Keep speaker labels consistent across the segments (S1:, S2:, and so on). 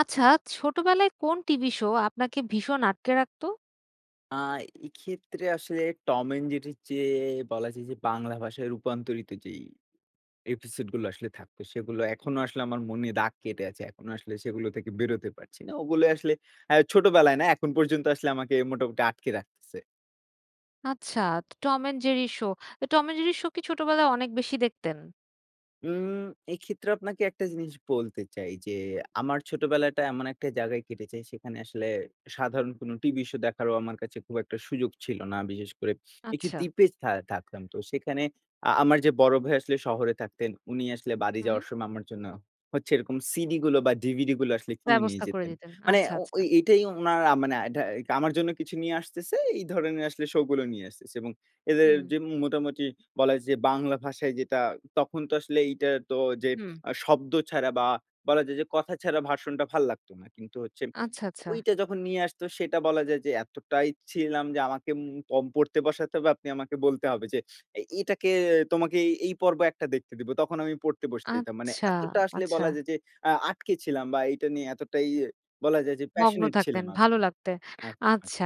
S1: আচ্ছা, ছোটবেলায় কোন টিভি শো আপনাকে ভীষণ আটকে রাখতো?
S2: আ এক্ষেত্রে আসলে টম এন্ড জেরির চেয়ে বলা যায় যে বাংলা ভাষায় রূপান্তরিত যেই এপিসোডগুলো আসলে থাকতো, সেগুলো এখনো আসলে আমার মনে দাগ কেটে আছে। এখনো আসলে সেগুলো থেকে বেরোতে পারছি না। ওগুলো আসলে আ ছোটবেলায় না, এখন পর্যন্ত আসলে আমাকে মোটামুটি আটকে রাখতেছে।
S1: আচ্ছা, ত টম এন্ড জেরি শো। ত টম এন্ড জেরি শো কি ছোটবেলায় অনেক বেশি দেখতেন?
S2: উম এক্ষেত্রে আপনাকে একটা জিনিস বলতে চাই যে, আমার ছোটবেলাটা এমন একটা জায়গায় কেটেছে, সেখানে আসলে সাধারণ কোন টিভি শো দেখারও আমার কাছে খুব একটা সুযোগ ছিল না। বিশেষ করে একটি
S1: আচ্ছা।
S2: দ্বীপে থা থাকতাম। তো সেখানে আ আমার যে বড় ভাই আসলে শহরে থাকতেন। উনি আসলে বাড়ি
S1: হুম।
S2: যাওয়ার সময় আমার জন্য হচ্ছে এরকম সিডিগুলো বা, ডিভিডিগুলো আসলে কিনে নিয়ে
S1: ব্যবস্থা করে
S2: যেতেন।
S1: দিতেন।
S2: মানে
S1: আচ্ছা,
S2: ও
S1: আচ্ছা।
S2: ওই এটাই উনার আ মানে আটা আমার জন্য কিছু নিয়ে আসতেছে। এই ধরনের আসলে শোগুলো নিয়ে আসতেছে এবং এদের
S1: হুম।
S2: যে মোটামুটি বলা যায় যে বাংলা ভাষায় যেটা তখন তো আসলে এইটা তো যে
S1: হুম।
S2: আ শব্দ ছাড়া বা, বলা যায় যে কথা ছাড়া ভাষণটা ভাল লাগতো না। কিন্তু হচ্ছে
S1: আচ্ছা, আচ্ছা।
S2: ঐটা যখন নিয়ে আসতো সেটা বলা যায় যে, এতটাই ছিলাম যে আমাকে উম পম পড়তে বসাতে হবে, আপনি আমাকে বলতে হবে যে, এ এটাকে "তোমাকে এই পর্ব একটা দেখতে দিবো।" তখন আমি পড়তে বসতে দিতাম। মানে
S1: আচ্ছা,
S2: এতটা আসলে
S1: আচ্ছা।
S2: বলা যায় যে আ আটকে ছিলাম বা, এইটা নিয়ে এতটাই বলা যায় যে
S1: মগ্ন
S2: passionate
S1: থাকতেন।
S2: ছিলাম আমি।
S1: ভালো লাগতে।
S2: একদম।
S1: আচ্ছা।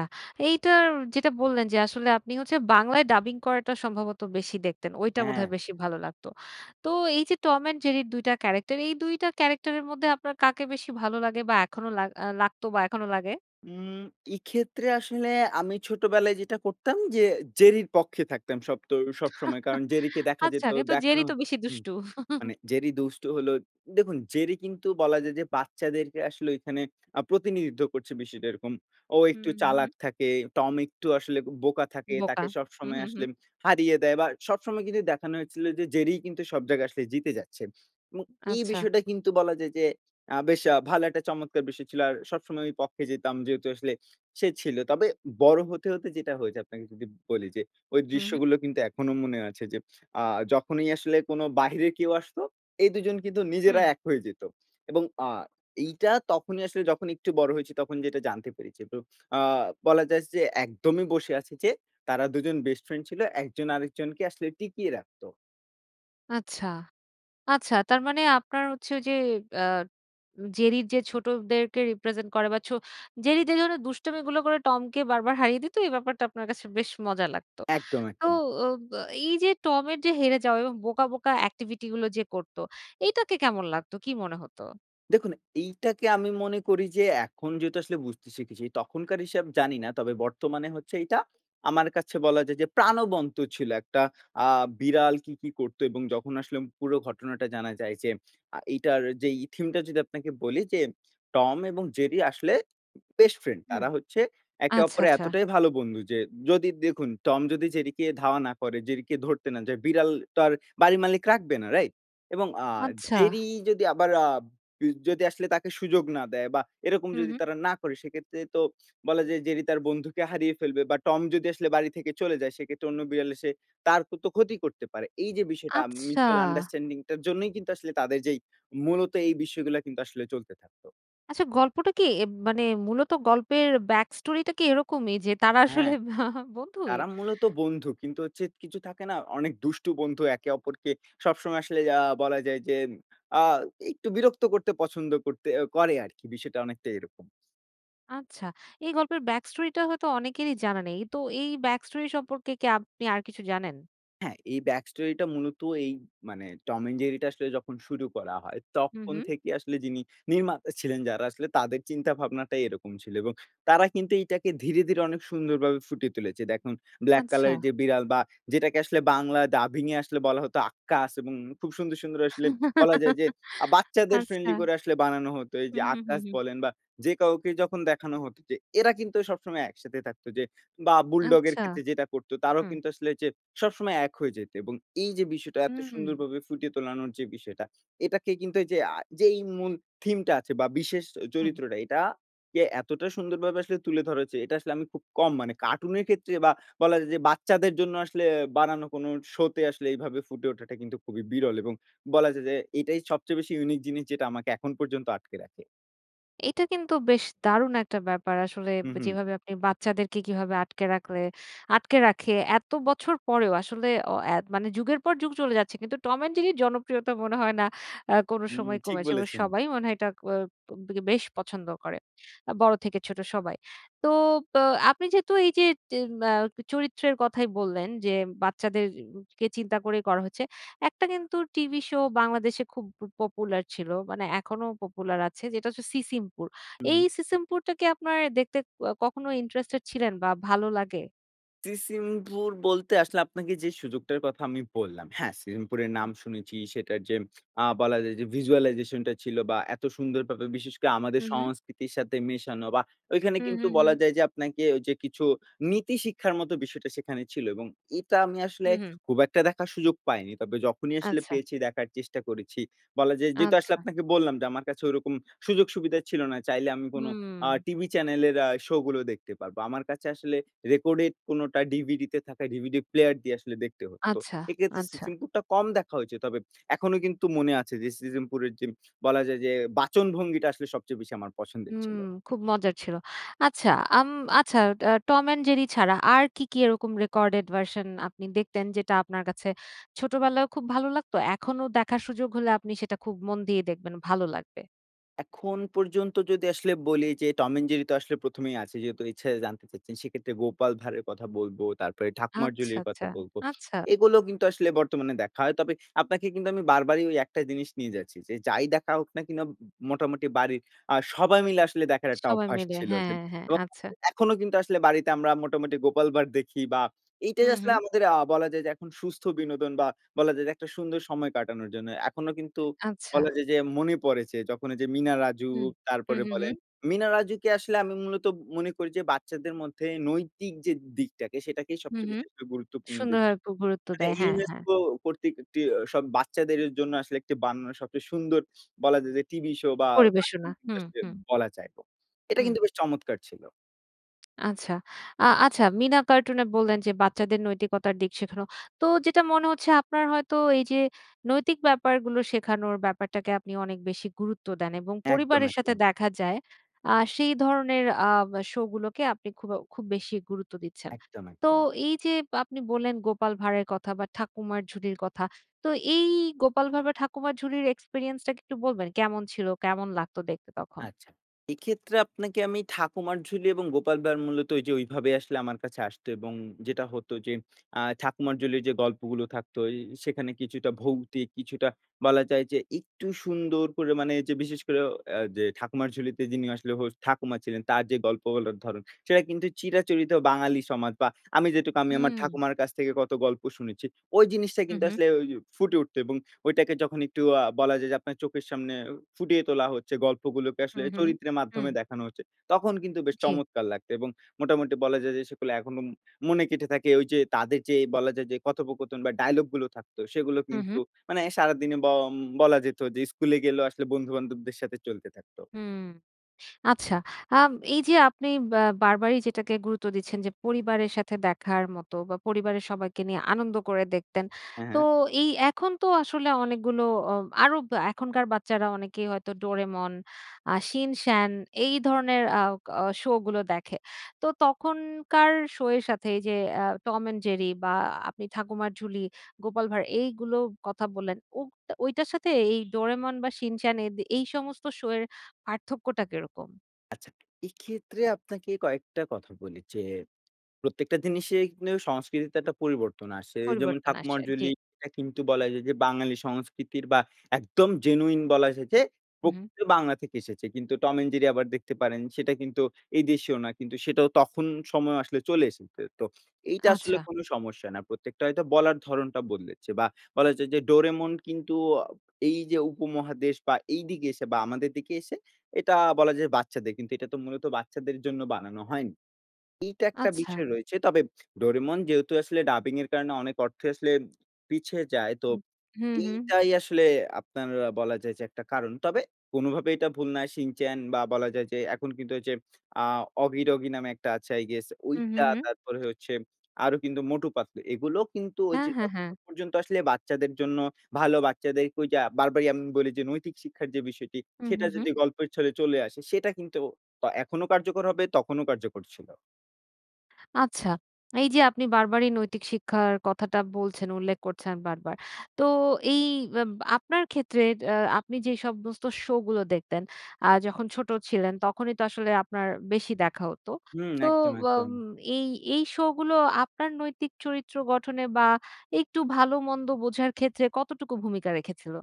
S1: এইটার যেটা বললেন যে আসলে আপনি হচ্ছে বাংলায় ডাবিং করাটা সম্ভবত বেশি দেখতেন। ওইটা
S2: হ্যাঁ।
S1: বোধহয় বেশি ভালো লাগতো। তো এইযে টম অ্যান্ড জেরির ২ টা ক্যারাক্টার, এই ২ টা ক্যারাক্টারের মধ্যে আপনার কাকে বেশি ভালো লাগে বা, এখনো লাগ আ লাগতো বা, এখনো লাগে?
S2: উম এক্ষেত্রে আসলে আমি ছোটবেলায় যেটা করতাম যে জেরির পক্ষে থাকতাম সবতো সবসময়। কারণ জেরিকে দেখা
S1: আচ্ছা,
S2: যেত
S1: কিন্তু জেরি
S2: দেখানো
S1: তো বেশি
S2: উম
S1: দুষ্টু।
S2: মানে জেরি দুষ্ট হলো দেখুন, জেরি কিন্তু বলা যায় যে বাচ্চাদেরকে আসলে এখানে আ প্রতিনিধিত্ব করছে, বিষয়টা এরকম। ও
S1: হু,
S2: একটু
S1: হু, হু।
S2: চালাক থাকে, টম একটু আসলে ব বোকা থাকে,
S1: বোকা।
S2: তাকে
S1: হু,
S2: সবসময়
S1: হু, হু।
S2: আসলে হারিয়ে দেয়। বা, সবসময় কিন্তু দেখানো হয়েছিল যে জেরি কিন্তু সব জায়গায় আসলে জিতে যাচ্ছে এবং এই
S1: আচ্ছা।
S2: বিষয়টা কিন্তু বলা যায় যে আ বেশ আ ভালো একটা চমৎকার বিষয় ছিল। আর সবসময় আমি পক্ষে যেতাম, যেহেতু আসলে সে ছিল। তবে বড় হতে, হতে যেটা হয়েছে আপনাকে যদি বলি যে, ওই
S1: হু, হু।
S2: দৃশ্যগুলো কিন্তু এখনো মনে আছে। যে আ যখনই আসলে কোন বাহিরে কেউ আসতো এই ২ জন কিন্তু নিজেরা
S1: হু।
S2: এক হয়ে যেত এবং আ এইটা তখনই আসলে যখন একটু বড় হয়েছি, তখন যেটা জানতে পেরেছি। তো আ বলা যায় যে একদমই বসে আছে যে, তারা ২ জন বেস্ট ফ্রেন্ড ছিল। একজন আরেকজনকে আসলে টিকিয়ে রাখতো।
S1: আচ্ছা, আচ্ছা। তার মানে আপনার হচ্ছে ওই যে অ্যাঁ জেরির যে ছোটদেরকে রিপ্রেজেন্ট করে বা ছো জেরি যে ধরনের দুষ্টামিগুলো করে টমকে বারবার হারিয়ে দিত। এই ব্যাপারটা আপনার কাছে বেশ মজা লাগত।
S2: একদম,
S1: তো ও
S2: একদম।
S1: অ্যাঁ এই যে টমের যে হেরে যাওয়া বোকা, বোকা, অ্যাক্টিভিটি গুলো যে করত, এটাকে কেমন লাগতো? কী মনে হত?
S2: দেখুন, এইটাকে আমি মনে করি যে এখন যেহেতু আসলে বুঝতে শিখেছি। তখনকার হিসাব জানি না। তবে বর্তমানে হচ্ছে এইটা, আমার কাছে বলা যায় যে প্রাণবন্ত ছিল একটা আ বিড়াল কি, কি, করত এবং যখন আসলে পুরো ঘটনাটা জানা যায় যে, আ এইটার যেই ই থিম টা যদি আপনাকে বলি যে, টম এবং জেরি আসলে বেস্ট ফ্রেন্ড।
S1: হুম,
S2: তারা হচ্ছে একে
S1: আচ্ছা,
S2: অপরের
S1: আচ্ছা।
S2: এতটাই ভালো বন্ধু যে যদি দেখুন, টম যদি জেরি ধাওয়া না করে, জেরিকে ধরতে না যায়। বিড়ালটার আর বাড়ির মালিক রাখবে না রাইট? এবং আ
S1: আচ্ছা।
S2: জেরি যদি আবার আ বি যদি আসলে তাকে সুযোগ না দেয় বা এরকম
S1: হু,
S2: যদি
S1: হু।
S2: তারা না করে সেক্ষেত্রে তো বলা যায় জেরি তার বন্ধুকে হারিয়ে ফেলবে। বা টম যদি আসলে বাড়ি থেকে চলে যায় সেক্ষেত্রে অন্য বিড়াল এসে তার তো ক্ষতি করতে পারে। এই যে বিষয়টা আম
S1: আচ্ছা
S2: মিউচুয়াল আন্ডারস্ট্যান্ডিং টার জন্যই কিন্তু আসলে তাদের যেই মূলত এই বিষয়গুলা কিন্তু আসলে চলতে থাকত।
S1: আচ্ছা গল্পটা কী? এব মানে মূলত গল্পের ব্যাক স্টোরিটা কী এরকমই, যে তারা আসলে
S2: হ্যাঁ,
S1: বন্ধুই
S2: তারা মূলত বন্ধু। কিন্তু হচ্ছে কিছু থাকে না অনেক দুষ্টু বন্ধু একে অপরকে সবসময় আসলে আ বলা যায় যে, আ একটু বিরক্ত করতে পছন্দ করতে এ করে আরকি। বিষয়টা অনেকটা এরকম।
S1: আচ্ছা, এই গল্পের ব্যাক স্টোরিটা হয়তো অনেকেরই জানা নেই। তো এই ব্যাক স্টোরি সম্পর্কে কে আপনি আর কিছু জানেন?
S2: হ্যাঁ, এই ব্যাক স্টোরিটা মূলত এই মানে টম অ্যান্ড জেরিটা আসলে যখন শুরু করা হয়
S1: হু,
S2: তখন
S1: হু।
S2: থেকে আসলে যিনি নির্মাতা ছিলেন যারা, আসলে তাদের চিন্তা ভাবনাটাই এরকম ছিল। এবং তারা কিন্তু এইটাকে ধীরে, ধীরে, অনেক সুন্দরভাবে ফুটিয়ে তুলেছে। দেখুন ব্লাক কালার এর
S1: আচ্ছা।
S2: যে বিড়াল বা যেটাকে আসলে বাংলা ডাবিং এ আসলে বলা হত আক্কাস এবং খুব সুন্দর, সুন্দর, আসলে বলা যায় যে, আ বাচ্চাদের ফ্রেন্ডলি
S1: আচ্ছা।
S2: করে আসলে বানানো হতো। এই
S1: হু,
S2: যে
S1: হু, হু,
S2: আক্কাস
S1: হু।
S2: বলেন বা যে কাউকে যখন দেখানো হত যে এরা কিন্তু সবসময় একসাথে থাকত যে, বা বুলডগের
S1: আচ্ছা,
S2: ক্ষেত্রে যেটা করত তারাও
S1: হু।
S2: কিন্তু আসলে যে, সবসময় এক হয়ে যেতে এবং এই যে বিষয়টা এত
S1: হু।
S2: সুন্দরভাবে ফুটিয়ে তোলানোর যে বিষয়টা এটাকে কিন্তু এইযে আ যেই মূল থিমটা আছে বা বিশেষ
S1: হু।
S2: চরিত্রটা এটা যে এতটা সুন্দরভাবে আসলে তুলে ধরা হয়েছে। এটা আসলে আমি খুব কম মানে, কার্টুনের ক্ষেত্রে বা বলা যায় যে বাচ্চাদের জন্য আসলে বানানো কোনো শোতে আসলে এভাবে ফুটে ওঠাটা কিন্তু খুবই বিরল এবং বলা যে, যে, এটাই সবচেয়ে বেশি ইউনিক জিনিস যেটা আমাকে এখন পর্যন্ত আটকে রাখে।
S1: এটা কিন্তু বেশ দারুণ একটা ব্যাপার। আসলে
S2: হু, হু।
S1: যেভাবে আপনি বাচ্চাদেরকে কিভাবে আটকে রাখলে, আটকে রাখে এত বছর পরেও আসলে এ ও মানে যুগের পর যুগ চলে যাচ্ছে। কিন্তু 'Tom& Jerry' র জনপ্রিয়তা মনে হয় না আ কোনো
S2: উম
S1: সময়
S2: ঠিক
S1: কমেছে এবং
S2: বলেছেন।
S1: সবাই মনে হয় এটা ক ব বেশ পছন্দ করে। আ বড় থেকে ছোট সবাই। তো অব আপনি যেহেতু এই যে এম আ চরিত্রের কথাই বললেন যে, বাচ্চাদেরকে চিন্তা করেই করা হচ্ছে। একটা কিন্তু টিভি শো বাংলাদেশে খুব প পপুলার ছিল। মানে এখনো পপুলার আছে। যেটা হচ্ছে 'সিসিমপুর'।
S2: হু,
S1: এই
S2: হু।
S1: 'সিসিমপুরটা' কি আপনার দেখতে কখনো ইন্টারেস্টেড ছিলেন বা ভালো লাগে?
S2: 'সিসিমপুর' বলতে আসলে আপনাকে যে সুযোগটার কথা আমি বললাম, হ্যাঁ 'সিসিমপুরের'
S1: হু।
S2: নাম শুনেছি সেটার যে অ্যা বলা যায় যে ভিজুয়ালাইজেশন টা ছিল বা এত সুন্দরভাবে বিশেষ করে আমাদের
S1: হু, হু।
S2: সংস্কৃতির সাথে মেশানো বা ঐখানে
S1: হু, হু,
S2: কিন্তু
S1: হু।
S2: বলা যায় যে আপনাকে ঐ যে কিছু নীতি শিক্ষার মত বিষয়টা সেখানে ছিল এবং এটা আমি আসলে
S1: হুঁ, হুঁ।
S2: খুব একটা দেখার সুযোগ পাইনি। তবে যখনই আসলে
S1: আচ্ছা।
S2: পেয়েছি দেখার চেষ্টা করেছি। বলা যায় যেহেতু আসলে
S1: আচ্ছা।
S2: আপনাকে বললাম যে আমার কাছে ওরকম সুযোগ-সুবিধা ছিল না। চাইলে আমি কোন আ
S1: হু।
S2: টিভি চ্যানেলের অ্যা শো গুলো দেখতে পারবো। আমার কাছে আসলে রেকর্ডের কোনোটা DVD তে থাকা DVD প্লেয়ার দিয়ে আসলে দেখতে হত।
S1: আচ্ছা,
S2: এক্ষেত্রে
S1: আচ্ছা।
S2: 'সিসিমপুরটা' কম দেখা হয়েছে। তবে এখনো কিন্তু মনে আছে যে 'সিসিমপুরের' যে বলা যায় যে বাচনভঙ্গিটা আসলে সবচেয়ে বেশি আমার
S1: হু,
S2: পছন্দের ছিল।
S1: খুব মজার ছিল। আচ্ছা
S2: হু।
S1: আম আচ্ছা আ Tom& Jerry ছাড়া আর কী, কী এরকম রেকর্ডেড ভার্শন আপনি দেখতেন যেটা আপনার কাছে ছোটবেলায়ও খুব ভালো লাগতো, এখনো দেখার সুযোগ হলে আপনি সেটা খুব মন দিয়ে দেখবেন ভালো লাগবে।
S2: এখন পর্যন্ত যদি আসলে বলি যে, 'টম অ্যান্ড জেরি' তো আসলে ১ম এই আছে। যেহেতু ইচ্ছে জানতে চাচ্ছেন। সেক্ষেত্রে 'গোপাল ভাঁড়' এর কথা বলব, তারপরে 'ঠাকুমার
S1: আচ্ছা,
S2: ঝুলি'-র কথা
S1: আচ্ছা।
S2: বলব।
S1: আচ্ছা!
S2: এগুলো কিন্তু আসলে বর্তমানে দেখা হয়। তবে আপনাকে কিন্তু আমি বারবারই ঐ একটা জিনিস নিয়ে যাচ্ছি। যে, যাই দেখা হোক না কিনা মোটামুটি বাড়ির আ সবাই মিলে আসলে দেখার একটা
S1: সবাই
S2: অভ্যাস
S1: মিলে
S2: ছিল। যে
S1: হ্যাঁ, হ্যাঁ। আচ্ছা।
S2: [unintelligible] এখনো কিন্তু আসলে বাড়িতে আমরা মোটামুটি 'গোপাল ভাঁড়' দেখি। বা
S1: হু,
S2: এইটাই আসলে
S1: হু।
S2: আমাদের আ বলা যায় যে এখন সুস্থ বিনোদন বা বলা যায় যে একটা সুন্দর সময় কাটানোর জন্য। এখনো কিন্তু
S1: আচ্ছা।
S2: বলা যায় যে, মনে পড়ে যে যখন ঐযে মিনা-রাজু,
S1: হু। হু,
S2: তারপরে
S1: হু, হু।
S2: বলেন মিনা-রাজুকে আসলে আমি মূলত ম মনে করি যে, বাচ্চাদের মধ্যে নৈতিক যে দিকটাকে, সেটাকেই
S1: হু,
S2: সবচেয়ে
S1: হু।
S2: বেশি করে গুরুত্বপূর্ণ দিক। [unintelligible]
S1: সুন্দরভাবে গুরুত্ব দেয়। হ্যাঁ, হ্যাঁ।
S2: UNESCO কর্তৃক একটি সব বাচ্চাদের জন্য আসলে একটি বানানো সবচেয়ে সুন্দর বলা যায় যে, টিভি শো বা কার্টুন
S1: পরিবেশনা। হু,
S2: কিন্তু আসলে
S1: হু।
S2: বলা যায়। এটা
S1: হু।
S2: কিন্তু বেশ চমৎকার ছিল।
S1: আচ্ছা। আ আচ্ছা, 'মিনা কার্টুন' এ বললেন যে, বাচ্চাদের নৈতিকতার দিক শেখানো। তো যেটা মনে হচ্ছে, আপনার হয়তো এই যে নৈতিক ব্যাপারগুলো শেখানোর ব্যাপারটাকে আপনি অনেক বেশি গুরুত্ব দেন এবং
S2: একদম,
S1: পরিবারের সাথে
S2: একদম।
S1: দেখা যায়, আ সেই ধরনের আম শোগুলোকে আপনি খুবও খুব বেশি গুরুত্ব দিচ্ছেন।
S2: একদম,
S1: তো
S2: একদম।
S1: এই যে আপনি বললেন, 'গোপাল ভাঁড়' এর' কথা বা 'ঠাকুমার ঝুলি'-র কথা। তো এই 'গোপাল ভাঁড়' বা 'ঠাকুমার ঝুলি'-র এক্সপেরিয়েন্সটা কি একটু বলবেন? কেমন ছিল? কেমন লাগতো দেখতে তখন?
S2: আচ্ছা, এক্ষেত্রে আপনাকে আমি 'ঠাকুমার ঝুলি' এবং 'গোপাল ভাঁড়' মূলত ঐযে ঐভাবে আসলে আমার কাছে আসত। এবং যেটা হতো যে, আ 'ঠাকুমার ঝুলি'-র যে গল্পগুলো থাকত, ঐ সেখানে কিছুটা ভৌতিক, কিছুটা বলা যায় যে একটু সুন্দর করে মানে যে বিশেষ করে ও আ যে ঠাকুমার ঝুলিতে যিনি আসলে হোস্ট ঠাকুমা ছিলেন। তার যে গল্পগুলোর ধরন সেটা কিন্তু চিরাচরিত বাঙালি সমাজ বা আমি যেটুকু আমি আমার
S1: হুম।
S2: ঠাকুমার কাছ থেকে কত গল্প শুনেছি। ওই জিনিসটাই
S1: হু,
S2: কিন্তু
S1: হু।
S2: আসলে ঐ ফুটে উঠত। এবং ঐটাকে যখন একটু আ বলা যায় যে, আপনার চোখের সামনে ফুটিয়ে তোলা হচ্ছে, গল্পগুলোকে
S1: হু,
S2: আসলে
S1: হু।
S2: চরিত্রের
S1: হু।
S2: মাধ্যমে দেখানো হচ্ছে, তখন কিন্তু বেশ
S1: জ্বী।
S2: চমৎকার লাগত। এবং মোটামুটি বলা যায় যে, সেগুলো এখনো ম মনে গেঁথে থাকে। ঐযে তাদের যে বলা যায় যে, কথোপকথন বা ডায়ালগগুলো থাকত, সেগুলো
S1: হুঁ, হুঁ।
S2: কিন্তু মানে সারাদিনে ব বলা যেত যে স্কুলে গেলেও আসলে বন্ধু-বান্ধবদের সাথে চলতে থাকত।
S1: হু। আচ্ছা। আম এই যে আপনি বা বারবারই যেটাকে গুরুত্ব দিচ্ছেন যে, পরিবারের সাথে দেখার মতো বা পরিবারের সবাইকে নিয়ে আনন্দ করে দেখতেন।
S2: হ্যাঁ,
S1: তো,
S2: হ্যাঁ।
S1: এই এখন তো আসলে অনেকগুলো ও আরও এখনকার বাচ্চারা অনেকেই হয়তো 'ডোরেমন,' আ 'শিন-চ্যান', এই ধরনের আওক অ শোগুলো দেখে। তো তখনকার শো এর সাথে এই যে এ্যা 'টম অ্যান্ড জেরি' বা আ আপনি 'ঠাকুমার ঝুলি,' 'গোপাল ভাঁড়,' এইগুলো কথা বললেন। ওব ঐটার সাথে এই 'ডোরেমন' বা 'শিন-চ্যান', এদি এই সমস্ত শো এর পার্থক্যটা কিরকম?
S2: আচ্ছা এক্ষেত্রে আপনাকে কয়েকটা কথা বলি যে, প্রত্যেকটা জিনিসে কিন্তু সংস্কৃতিতে একটা পরিবর্তন আসে যেমন
S1: পরিবর্তন আসে। জি।
S2: ঠাকুমারঝুলি এটা কিন্তু বলা যায় যে, বাঙালি সংস্কৃতির বা একদম জেনুইন বলা যায় যে,
S1: হু, হু।
S2: প্রকৃত বাংলা থেকে এসেছে কিন্তু 'টম অ্যান্ড জেরি' আবার দেখতে পারেন সেটা কিন্তু এই দেশেও না কিন্তু সেটাও তখন সময় আসলে চলে এসেছে। তো এইটা আসলে
S1: আচ্ছা।
S2: কোন সমস্যা না। প্রত্যেকটা হয়তো বলার ধরণটা বদলেছে বা বলা যায় যে, 'ডোরেমন' কিন্তু আ এই যে, উপমহাদেশ বা এইদিকে এসে বা আমাদের দিকে এসে এটা বলা যায় বাচ্চাদের কিন্তু এটা তো মূলত বাচ্চাদের জন্য বানানো হয়নি। এইটা একটা
S1: আচ্ছা।
S2: বিষয় রয়েছে। তবে 'ডোরেমন' যেহেতু আসলে ডাবিংয়ের কারণে অনেক অর্থ আসলে পিছে যায়। তো
S1: হু, হু।
S2: এইটাই আসলে আপনার বলা যায় যে, একটা কারণ। তবে কোনভাবেই এটা ভুল না 'শিনচান' বা বলা যায় যে, এখন কিন্তু হচ্ছে আ 'অগি ডগি' নামে একটা আছে I guess
S1: হু, হু,
S2: ওইটা
S1: হু
S2: তারপরে হচ্ছে আরো কিন্তু 'মটু পাতলু'। এগুলো কিন্তু ওই
S1: হ্যাঁ,
S2: যে,
S1: হ্যাঁ, হ্যাঁ।
S2: যতক্ষণ পর্যন্ত আসলে বাচ্চাদের জন্য ভালো বাচ্চাদেরকে ঐযে বারবারই আমি বলি যে, নৈতিক শিক্ষার যে, বিষয়টি
S1: হু, হু,
S2: সেটা
S1: হু।
S2: যদি গল্পের ছলে চলে আসে সেটা কিন্তু তা এখনো কার্যকর হবে তখনও কার্যকর ছিল।
S1: আচ্ছা, এইযে আপনি বারবারই নৈতিক শিক্ষার কথাটা বলছেন। উল্লেখ করছেন বারবার। তো এই আব আপনার ক্ষেত্রে আ আপনি যে সমস্ত শোগুলো দেখতেন আ যখন ছোট ছিলেন, তখনই তো আসলে আপনার বেশি দেখা হতো।
S2: হুম
S1: তো
S2: একদম,
S1: ব
S2: একদম।
S1: এই এই শোগুলো আপনার নৈতিক চরিত্র গঠনে বা, একটু ভালোমন্দ বোঝার ক্ষেত্রে কতটুকু ভূমিকা রেখেছিল?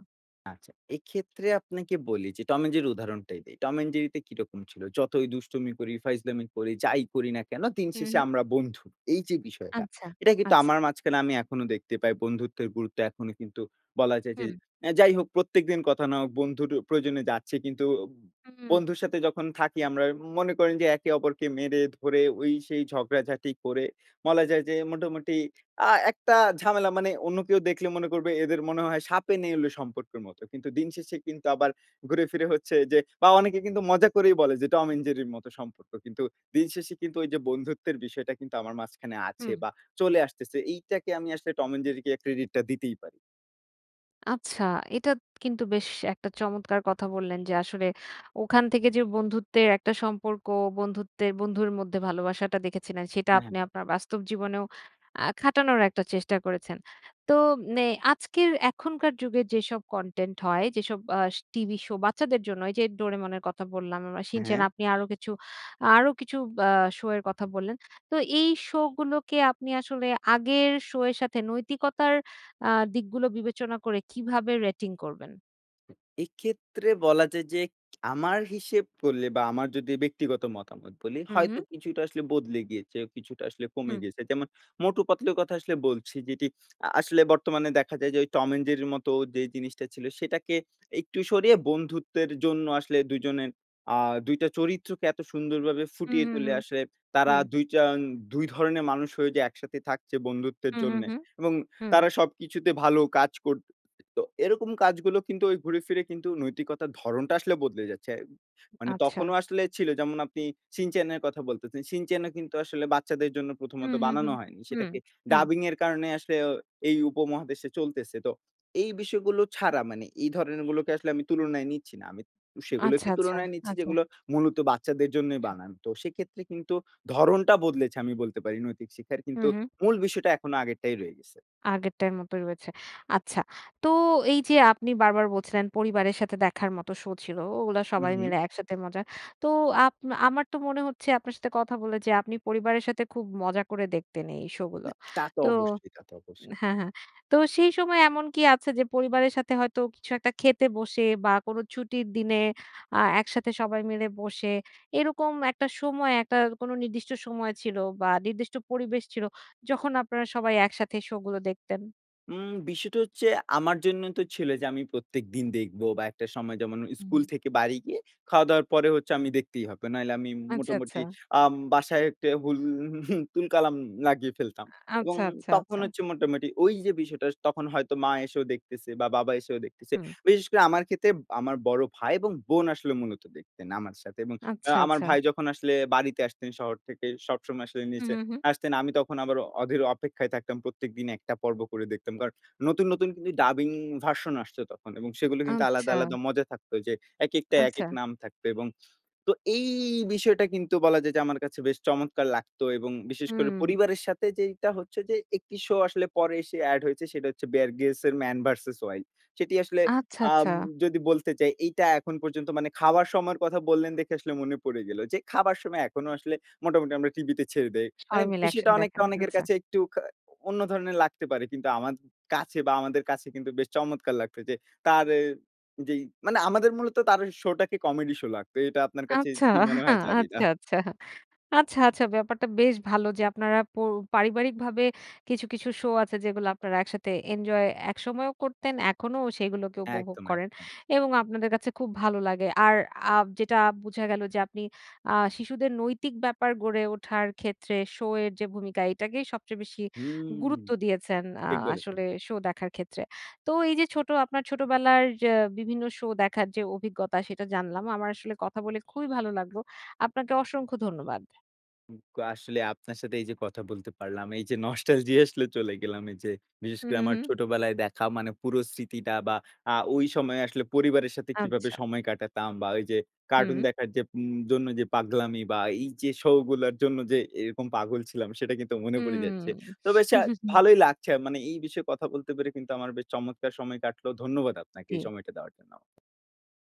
S2: আচ্ছা, এক্ষেত্রে আপনাকে বলি যে টম অ্যান্ড জেরির উদাহরণটাই দেই। টম অ্যান্ড জেরিতে কিরকম ছিল? যতই দুষ্টমি করি, ফাইজলামি করি, যাই করি না কেন? দিন
S1: হু,
S2: শেষে
S1: হু।
S2: আমরা বন্ধু। এইযে বিষয়টা।
S1: আচ্ছা,
S2: এটা কিন্তু
S1: আচ্ছা।
S2: আমার মাঝখানে আমি এখনো দেখতে পাই। বন্ধুত্বের গুরুত্ব এখনো কিন্তু বলা যায় যে
S1: হুম।
S2: অ্যা যাই হোক, প্রত্যেকদিন কথা না হোক, বন্ধুর প্রয়োজনে যাচ্ছে। কিন্তু ব
S1: হুম।
S2: বন্ধুর সাথে যখন থাকি, আমরা উম মনে করেন যে একে অপরকে মেরে ধরে, ওই সেই ঝগড়াঝাটি করে, বলা যায় যে মোটামুটি আ একটা ঝামেলা মানে অন্য কেউ দেখলে মনে করবে এদের মনে হয় সাপে নেউলে সম্পর্কের মতো। কিন্তু দিন শেষে কিন্তু আবার ঘুরে ফিরে হচ্ছে যে বা, অনেকে কিন্তু মজা করেই বলে যে টম অ্যান্ড জেরির মতো সম্পর্ক। কিন্তু দিনশেষে কিন্তু ওইযে বন্ধুত্বের বিষয়টা কিন্তু আমার মাঝখানে আছে
S1: হু।
S2: বা চলে আসতেছে। এইটাকে আমি আসলে টম অ্যান্ড জেরিকে ক্রেডিটটা দিতেই পারি।
S1: আচ্ছা এটা কিন্তু বেশ একটা চমৎকার কথা বললেন যে আসলে ওখান থেকে যে বন্ধুত্বের একটা সম্পর্ক, বন্ধুত্বের বন্ধুর মধ্যে ভালোবাসাটা দেখেছিলেন সেটা
S2: হ্যাঁ,
S1: আপনি
S2: হ্যাঁ।
S1: আপনার বাস্তব জীবনেও আ খাটানোর একটা চেষ্টা করেছেন। তো এ আজকের এখনকার যুগে যেসব কনটেন্ট হয় যেসব আ টিভি শো বাচ্চাদের জন্য এই যে 'Doraemon' এর কথা বললাম বা 'Shin-chan'
S2: হ্যাঁ।
S1: আপনি আরো কিছু আরো কিছু অ্যা শো এর কথা বললেন। তো এই শো গুলোকে আপনি আসলে আগের শো এর সাথে নৈতিকতার আ দিকগুলো বিবেচনা করে কীভাবে রেটিং করবেন?
S2: এক্ষেত্রে বলা যায় যে আমার হিসেব করলে বা আমার যদি ব্যক্তিগত মতামত বলি
S1: হুম,
S2: হয়তো
S1: হুম।
S2: কিছুটা আসলে বদলে গিয়েছে। কিছুটা আসলে কমে
S1: হুম।
S2: গেছে যেমন মোটু পাতলু এর কথা আসলে বলছি যেটি আ আসলে বর্তমানে দেখা যায় যে ওই 'Tom and Jerry' এর মতো যে জিনিসটা ছিল সেটাকে একটু সরিয়ে বন্ধুত্বের জন্য আসলে দুজনের আ ২ টা চরিত্রকে এত সুন্দরভাবে
S1: হুম,
S2: ফুটিয়ে
S1: হুম,
S2: তুলে
S1: হুম,
S2: আসলে তারা
S1: হুম।
S2: ২ টা, ২ ধরনের মানুষ হয়ে যে একসাথে থাকছে বন্ধুত্বের
S1: হুম, হুম,
S2: জন্যে
S1: হুম,
S2: এবং
S1: হুম।
S2: তারা সবকিছুতে ভালো কাজ কর [unintelligible] তো এরকম কাজগুলো কিন্তু ঐ ঘুরে ফিরে কিন্তু নৈতিকতার ধরনটা আসলে বদলে যাচ্ছে। মানে
S1: আচ্ছা।
S2: তখনও আসলে ছিল যেমন আপনি 'Shin-chan' এর কথা বলতেছেন। 'Shin-chan' ও কিন্তু আসলে বাচ্চাদের জন্য
S1: হুম,
S2: প্রথমত
S1: হুম,
S2: বানানো
S1: হুম,
S2: হয়নি।
S1: হুম,
S2: সেটাকে
S1: হুম।
S2: ডাবিং এর কারণে আসলে এই উপমহাদেশে চলতেছে। তো এই বিষয়গুলো ছাড়া মানে এই ধরনের গুলোকে আসলে আমি তুলনায় নিচ্ছি না। আমি
S1: আচ্ছা,
S2: সেগুলোকে
S1: আচ্ছা,
S2: তুলনায় নিচ্ছি
S1: আচ্ছা।
S2: যেগুলো মূলত বাচ্চাদের জন্যই
S1: আচ্ছা।
S2: বানানো। তো সেক্ষেত্রে কিন্তু ধরণটা বদলেছে আমি বলতে পারি নৈতিক শিক্ষার
S1: হুম,
S2: কিন্তু
S1: হুম।
S2: মূল বিষয়টা এখনো আগেরটাই রয়ে গেছে।
S1: আগেরটার মতোই রয়েছে। আচ্ছা। তো এই যে আপনি বারবার বলছিলেন পরিবারের সাথে দেখার মতো শো ছিল। ওগুলা
S2: হুম,
S1: সবাই
S2: হুম।
S1: মিলে একসাথে মজা। তো আপ আমার তো মনে হচ্ছে আপনার সাথে কথা বলে যে আপনি পরিবারের সাথে খুব মজা করে দেখতেন এই শো গুলো।
S2: না তা তো
S1: তো
S2: অবশ্যই, তা তো অবশ্যই।
S1: হ্যাঁ, হ্যাঁ। তো সেই সময় এমন কি আছে যে পরিবারের সাথে হয়তো কিছু একটা খেতে বসে বা কোন ছুটির দিনে আ একসাথে সবাই মিলে বসে এরকম একটা সময় একটা কোনো নির্দিষ্ট সময় ছিল বা নির্দিষ্ট পরিবেশ ছিল যখন আপনারা সবাই একসাথে শো গুলো দেখতেন?
S2: উম বিষয়টা হচ্ছে আমার জন্য তো ছিল যে, আমি প্রত্যেকদিন দেখব বা একটা সময় যেমন, স্কুল
S1: হু।
S2: থেকে বাড়ি গিয়ে খাওয়া দাওয়ার পরে হচ্ছে আমি দেখতেই হবে। নাহলে আমি
S1: আচ্ছা,
S2: মোটামুটি
S1: আচ্ছা।
S2: আম বাসায় একটা উল তুল কালাম লাগিয়ে
S1: উ
S2: ফেলতাম এবং
S1: আচ্ছা, আচ্ছা,
S2: তখন
S1: আচ্ছা।
S2: হচ্ছে মোটামুটি ওই যে বিষয়টা, তখন হয়তো মা এসেও দেখতেছে বা বাবা এসেও দেখতেছে।
S1: হু।
S2: বিশেষ করে আমার ক্ষেত্রে, আমার বড় ভাই এবং বোন আসলে মূলত দেখতেন আমার সাথে এবং আ
S1: আচ্ছা,
S2: আমার
S1: আচ্ছা।
S2: ভাই যখন আসলে বাড়িতে আসতেন শহর থেকে, সবসময় আসলে
S1: হু,
S2: নিচে
S1: হু, হু।
S2: আসতেন। আমি তখন আবার অধীর অপেক্ষায় থাকতাম, প্রত্যেকদিন একটা পর্ব করে দেখতাম। কারণ নতুন, নতুন কিন্তু ডাবিং ভার্সন আসছে তখন এবং
S1: উ
S2: সেগুলো কিন্তু আলাদা,
S1: আচ্ছা।
S2: আলাদা মজা থাকত যে, একেকটা একেক
S1: আচ্ছা।
S2: নাম থাকত এবং তো এই বিষয়টা কিন্তু বলা যায় যে, আমার কাছে বেশ চমৎকার লাগত এবং বিশেষ করে
S1: হু।
S2: পরিবারের সাথে যেইটা হচ্ছে যে একটি শো আসলে পরে এসে এড হয়েছে, সেটা হচ্ছে 'Bear Grylls' এর 'Man vs. Wild'। সেটি আসলে
S1: আচ্ছা, আচ্ছা।
S2: আম যদি বলতে চাই, এইটা এখন পর্যন্ত মানে খাওয়ার সময়ের কথা বললেন দেখে আসলে মনে পড়ে গেল যে, খাবার সময় এখনো আসলে মোটামুটি আমরা টিভিতে ছেড়ে দেই। মানে,
S1: সবাই মিলে
S2: বিষয়টা
S1: একসাথে
S2: অনেকটা
S1: দেখেন,
S2: অনেকের
S1: আচ্ছা।
S2: কাছে একটু খা অন্য ধরনের লাগতে পারে কিন্তু আমার কাছে বা আমাদের কাছে কিন্তু বেশ চমৎকার লাগত যে তার এ যেই মানে, আমাদের মূলত তার শো টাকে কমেডি শো লাগতো। এটা আপনার কাছে
S1: আচ্ছা।
S2: কি মনে হয়, জানিনা।
S1: আচ্ছা, আচ্ছা। আচ্ছা, আচ্ছা ব্যাপারটা বেশ ভালো যে আপনারা প পারিবারিকভাবে কিছু, কিছু শো আছে, যেগুলো আপনারা একসাথে এনজয় একসময়েও করতেন, এখনো সেগুলোকে উপভোগ
S2: একদম,
S1: করেন
S2: একদম।
S1: এবং আপনাদের কাছে খুব ভালো লাগে আর আ যেটা বোঝা গেল যে আপনি আ শিশুদের নৈতিক ব্যাপার গড়ে ওঠার ক্ষেত্রে শো এর যে ভূমিকা, এটাকেই সবচেয়ে বেশি
S2: হু,
S1: গুরুত্ব দিয়েছেন আ
S2: ঠিক বলেছেন।
S1: আসলে শো দেখার ক্ষেত্রে। তো এই যে ছোট আপনার ছোটবেলার যে বিভিন্ন শো দেখার যে অভিজ্ঞতা, সেটা জানলাম। আমার আসলে কথা বলে খুবই ভালো লাগলো। আপনাকে অসংখ্য ধন্যবাদ।
S2: উম আ আসলে আপনার সাথে এই যে কথা বলতে পারলাম, এই যে নস্টালজি আসলে চলে গেলাম, এই যে বিশেষ
S1: হু,
S2: করে,
S1: হু,
S2: আমার
S1: হু।
S2: ছোটবেলায় দেখা মানে পুরো স্মৃতিটা বা আ ঐ সময়ে আসলে পরিবারের সাথে কিভাবে
S1: আচ্ছা।
S2: সময় কাটাতাম বা ওই যে কার্টুন
S1: হু।
S2: দেখার যে উম জন্য যে পাগলামি বা এই যে শো গুলার জন্য যে এরকম পাগল ছিলাম, সেটা কিন্তু মনে
S1: হু।
S2: পড়ে যাচ্ছে। তো বেশ আ ভালোই লাগছে, মানে এই বিষয়ে কথা বলতে পেরে কিন্তু আমার বেশ চমৎকার সময় কাটল। ধন্যবাদ আপনাকে, এই
S1: জি।
S2: সময়টা দেওয়ার জন্য।